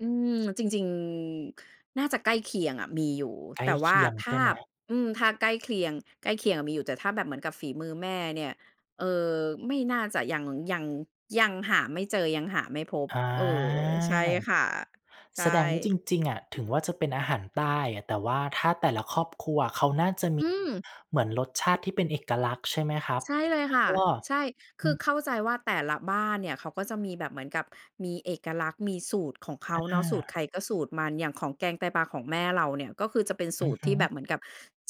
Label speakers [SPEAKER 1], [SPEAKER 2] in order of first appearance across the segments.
[SPEAKER 1] อืม จริง จริง น่าจะใกล้เคียงอะ มีอยู่
[SPEAKER 2] ใกล
[SPEAKER 1] แต
[SPEAKER 2] ้
[SPEAKER 1] ่ว
[SPEAKER 2] เค
[SPEAKER 1] ่า
[SPEAKER 2] ียง
[SPEAKER 1] ถ
[SPEAKER 2] ใ
[SPEAKER 1] ้
[SPEAKER 2] ช
[SPEAKER 1] า
[SPEAKER 2] ่ไหม?
[SPEAKER 1] บ อืม ถ้าใกล้เคลียง ใกล้เคียงอะมีอยู่ แต่ถ้าแบบเหมือนกับฝีมือแม่เนี่ย เอ่อ ไม่น่าจะ ยัง ยัง ยังหาไม่เจอ ยังหาไม่พบ
[SPEAKER 2] อา
[SPEAKER 1] เออ ใช่ค่ะ ใช
[SPEAKER 2] แสดงว่า
[SPEAKER 1] ่
[SPEAKER 2] จริง ๆ อะ ถึงว่า จะเป็นอาหารใต้อะ แต่ว่าถ้าแต่ละครอบครัวเขาน่าจะม
[SPEAKER 1] อ
[SPEAKER 2] ี
[SPEAKER 1] ืม
[SPEAKER 2] เหมือนรสชาติที่เป็นเอกลักษณ์ ใช่ไหมครับ?
[SPEAKER 1] ใช่เลย
[SPEAKER 2] แล้
[SPEAKER 1] ค
[SPEAKER 2] ว
[SPEAKER 1] ่
[SPEAKER 2] ก
[SPEAKER 1] ะ
[SPEAKER 2] ็
[SPEAKER 1] ใช่ ค
[SPEAKER 2] อื
[SPEAKER 1] ือ
[SPEAKER 2] ม
[SPEAKER 1] เข้าใจว่า แต่ละบ้านเนี่ยเขาก็จะมีแบบเหมือนกับมีเอกลักษณ์ มีสูตรของเขา
[SPEAKER 2] อ
[SPEAKER 1] เนาะ สูตรใค
[SPEAKER 2] า
[SPEAKER 1] รก็สูตรมัน อย่างของแกงไตปลาของแม่เราเนี่ยก็คือจะเป็นส
[SPEAKER 2] อ
[SPEAKER 1] ู
[SPEAKER 2] ือ
[SPEAKER 1] ตร
[SPEAKER 2] ฮ
[SPEAKER 1] ที
[SPEAKER 2] ึ
[SPEAKER 1] ่แบบเหมือนกับ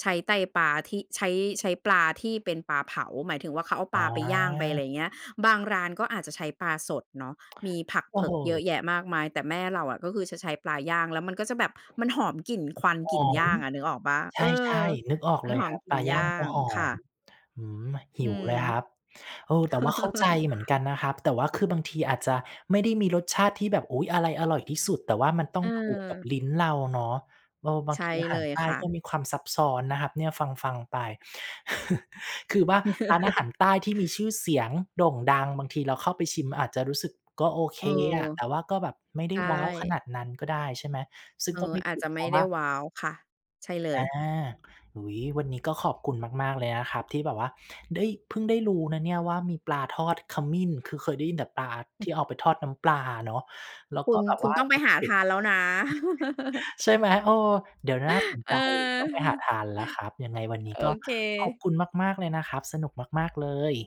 [SPEAKER 1] ใช้ไตปลาที่ ใช้ ใช้ปลาที่เป็นปลาเผา หมายถึงว่า เขาเอาปลาไปย่างไปอะ
[SPEAKER 2] อา
[SPEAKER 1] ไร เงี้ย บางร้านก็อาจจะใช้ปลาสดเนาะ มีผัก
[SPEAKER 2] โอ
[SPEAKER 1] เผ
[SPEAKER 2] ้
[SPEAKER 1] ิ
[SPEAKER 2] โ
[SPEAKER 1] กเยอ
[SPEAKER 2] ฮ
[SPEAKER 1] ะแยะมากมาย แต่แม่เราอะก็คือจะใช้ปลาย่าง แล้วมันก็จะแบบมันหอมกลิ่นควัน
[SPEAKER 2] ห
[SPEAKER 1] กลิ่น
[SPEAKER 2] อ
[SPEAKER 1] ย
[SPEAKER 2] ม
[SPEAKER 1] ่างอะ นึกออกเปล่า?
[SPEAKER 2] ใ
[SPEAKER 1] เออ
[SPEAKER 2] ช่ ๆ นึกออก
[SPEAKER 1] มั
[SPEAKER 2] เ
[SPEAKER 1] น
[SPEAKER 2] ลย
[SPEAKER 1] หอ
[SPEAKER 2] ค
[SPEAKER 1] ม
[SPEAKER 2] รับ
[SPEAKER 1] กลิ
[SPEAKER 2] ป
[SPEAKER 1] ่
[SPEAKER 2] ล
[SPEAKER 1] น
[SPEAKER 2] าย
[SPEAKER 1] ย
[SPEAKER 2] ่
[SPEAKER 1] ่า
[SPEAKER 2] างก็
[SPEAKER 1] ง
[SPEAKER 2] หอ
[SPEAKER 1] ค่
[SPEAKER 2] ม
[SPEAKER 1] ะ
[SPEAKER 2] อื้อฮือ ห
[SPEAKER 1] อื
[SPEAKER 2] ิวเ
[SPEAKER 1] ม
[SPEAKER 2] ลยครับ เออ แต่ว่าเข้าใจเหมือนกันนะครับ แต่ว่าคือบางทีอาจจะไม่ได้มีรสชาติที่แบบ อุ๊ย อะไรอร่อยที่สุด แต่ว่ามันต้องถูกกับ
[SPEAKER 1] เออ
[SPEAKER 2] ลิ้นเราเนาะ เออ บา
[SPEAKER 1] ใ
[SPEAKER 2] ง
[SPEAKER 1] ช
[SPEAKER 2] ท
[SPEAKER 1] ่
[SPEAKER 2] ีอา
[SPEAKER 1] เ
[SPEAKER 2] ห
[SPEAKER 1] ล
[SPEAKER 2] าร
[SPEAKER 1] ย
[SPEAKER 2] ใต้
[SPEAKER 1] ค่
[SPEAKER 2] ก็
[SPEAKER 1] ะ
[SPEAKER 2] มีความซับซ้อนนะครับเนี่ย ฟัง ๆ ไป คือว่า ร้านอาหารใต้ที่มีชื่อเสียงโด่งดัง บางทีเราเข้าไปชิมอาจจะรู้สึก "ก็โอเค
[SPEAKER 1] เออ
[SPEAKER 2] อะ" แต่ว่าก็แบบไม่ได
[SPEAKER 1] ใช
[SPEAKER 2] ้
[SPEAKER 1] ่
[SPEAKER 2] ว้าวขนาดนั้นก็ได้ ใช่ไหม? ซึ่
[SPEAKER 1] เ
[SPEAKER 2] ง
[SPEAKER 1] ออ
[SPEAKER 2] ก็ไม่
[SPEAKER 1] อา
[SPEAKER 2] ผ
[SPEAKER 1] จ
[SPEAKER 2] ิ
[SPEAKER 1] จ
[SPEAKER 2] ด
[SPEAKER 1] ะ
[SPEAKER 2] เ
[SPEAKER 1] ไ
[SPEAKER 2] พ
[SPEAKER 1] ม
[SPEAKER 2] ร
[SPEAKER 1] ่
[SPEAKER 2] าะ
[SPEAKER 1] ไ
[SPEAKER 2] ว
[SPEAKER 1] ด้
[SPEAKER 2] ่า
[SPEAKER 1] ว้าว ค่ะ ใช่เล
[SPEAKER 2] อา
[SPEAKER 1] ย
[SPEAKER 2] อุ๊ย วันนี้ก็ขอบคุณมาก ๆ เลยนะครับที่แบบว่าได้ เพิ่งได้รู้นะเนี่ยว่า มีปลาทอดขมิ้น คือเคยได้ยินแต่ปลา
[SPEAKER 1] อ
[SPEAKER 2] ท
[SPEAKER 1] ืม
[SPEAKER 2] ี่เอาไปทอดน้ำปลาอะเนาะ แล้ว
[SPEAKER 1] ค
[SPEAKER 2] ก
[SPEAKER 1] ุ
[SPEAKER 2] ็
[SPEAKER 1] ณ
[SPEAKER 2] แบบ
[SPEAKER 1] คุ
[SPEAKER 2] ว
[SPEAKER 1] ณ
[SPEAKER 2] ่า
[SPEAKER 1] ต้องไปหาทานแล้วนะ
[SPEAKER 2] ใช่ไหม? เออ เดี๋ยว น่าสน
[SPEAKER 1] เ
[SPEAKER 2] ใ
[SPEAKER 1] อ
[SPEAKER 2] จ
[SPEAKER 1] อ
[SPEAKER 2] ต้องไปหาทานแล้วครับ ยังไงวันนี้
[SPEAKER 1] โอ
[SPEAKER 2] ก็
[SPEAKER 1] เ
[SPEAKER 2] ขอบ
[SPEAKER 1] ค
[SPEAKER 2] คุณมาก ๆ เลยนะครับ สนุกมาก ๆ เลย